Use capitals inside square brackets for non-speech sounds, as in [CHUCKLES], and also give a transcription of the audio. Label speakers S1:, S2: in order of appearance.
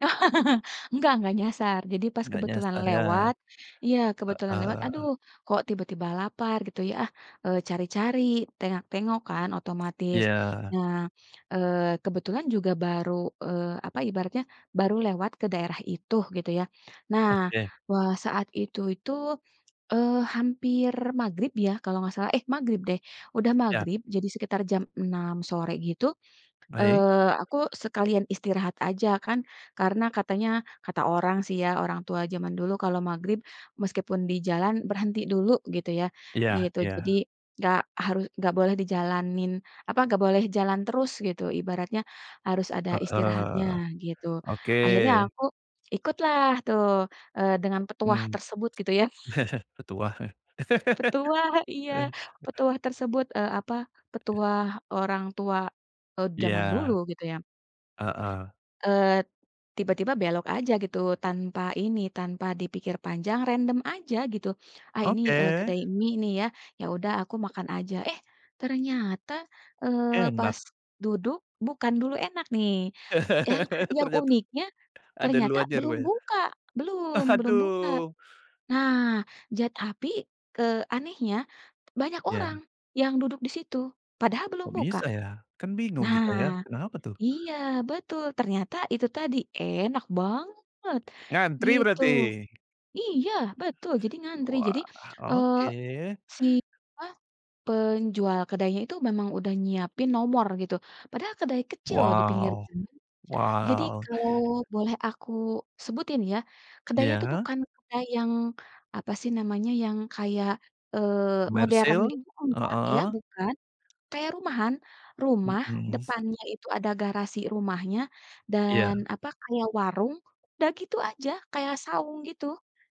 S1: [LAUGHS] Enggak enggak nyasar jadi pas
S2: Enggak
S1: kebetulan
S2: nyasar ya,
S1: lewat iya kebetulan lewat, "aduh
S2: heeh.
S1: kok tiba-tiba lapar" gitu ya, ah, eee, cari cari, tengok tengok kan otomatis.
S2: Iya.
S1: Nah, eee, kebetulan juga baru, eee, apa ibaratnya baru lewat ke daerah itu, gitu ya. Nah,
S2: Oke.
S1: wah, saat itu itu, eee, hampir maghrib ya kalau enggak salah eh magrib deh, udah
S2: Iya.
S1: magrib jadi sekitar jam 6.00 sore gitu,
S2: Baik.
S1: eee, aku sekalian istirahat aja kan karena katanya, kata orang sih ya, orang tua zaman dulu kalau maghrib meskipun di jalan, berhenti dulu gitu ya,
S2: Iya,
S1: gitu. Jadi
S2: iya.
S1: enggak harus enggak boleh dijalanin, apa enggak boleh jalan terus gitu ibaratnya harus ada istirahatnya
S2: Heeh,
S1: gitu.
S2: oke.
S1: Akhirnya aku ikutlah tuh eee, dengan petuah
S2: Mmm.
S1: tersebut gitu ya.
S2: [CHUCKLES] Udah tua.
S1: Petuah, iya
S2: [LAUGHS]
S1: petuah tersebut, eee, apa, petuah orang tua, eee,
S2: Iya.
S1: zaman dulu gitu ya.
S2: Heeh.
S1: Eee, tiba-tiba belok aja gitu tanpa ini, tanpa dipikir panjang random aja gitu. Ah ini, eee,
S2: Oke.
S1: kedai mie nih ya. Ya udah aku makan aja. Eh ternyata, eee,
S2: Enak!
S1: pas duduk bukan dulu enak nih. Yang,
S2: [LAUGHS]
S1: yang
S2: Ternyata
S1: uniknya
S2: ada lu
S1: ternyata
S2: aja
S1: belum
S2: rupanya.
S1: buka. Belum, belum buka.
S2: Aduh!
S1: Nah zat api ke anehnya banyak
S2: Iya.
S1: orang yang duduk di situ, padahal belum
S2: Kok
S1: buka.
S2: bisa ya? Kan bingung kita ya,
S1: Nah
S2: kenapa tuh?
S1: iya, betul ternyata itu tadi enak banget,
S2: Ngantri
S1: gitu.
S2: berarti?
S1: Iya betul jadi ngantri. Jadi,
S2: Wah
S1: eee,
S2: oke.
S1: si apa, penjual kedainya itu memang udah nyiapin nomor gitu, padahal kedai kecil di pinggir
S2: Wow,
S1: jalan kan. Jadi
S2: wow.
S1: kalau boleh aku sebutin ya, kedainya tu
S2: Iya.
S1: bukan kayak yang apa sih namanya? Yang kayak, eee, modern
S2: Komersil,
S1: gitu enggak ya
S2: heeh.
S1: bukan. Kayak rumahan, rumah
S2: Mhm.
S1: depannya itu ada garasi rumahnya dan
S2: Iya.
S1: apa kayak warung udah gitu aja, kayak saung gitu.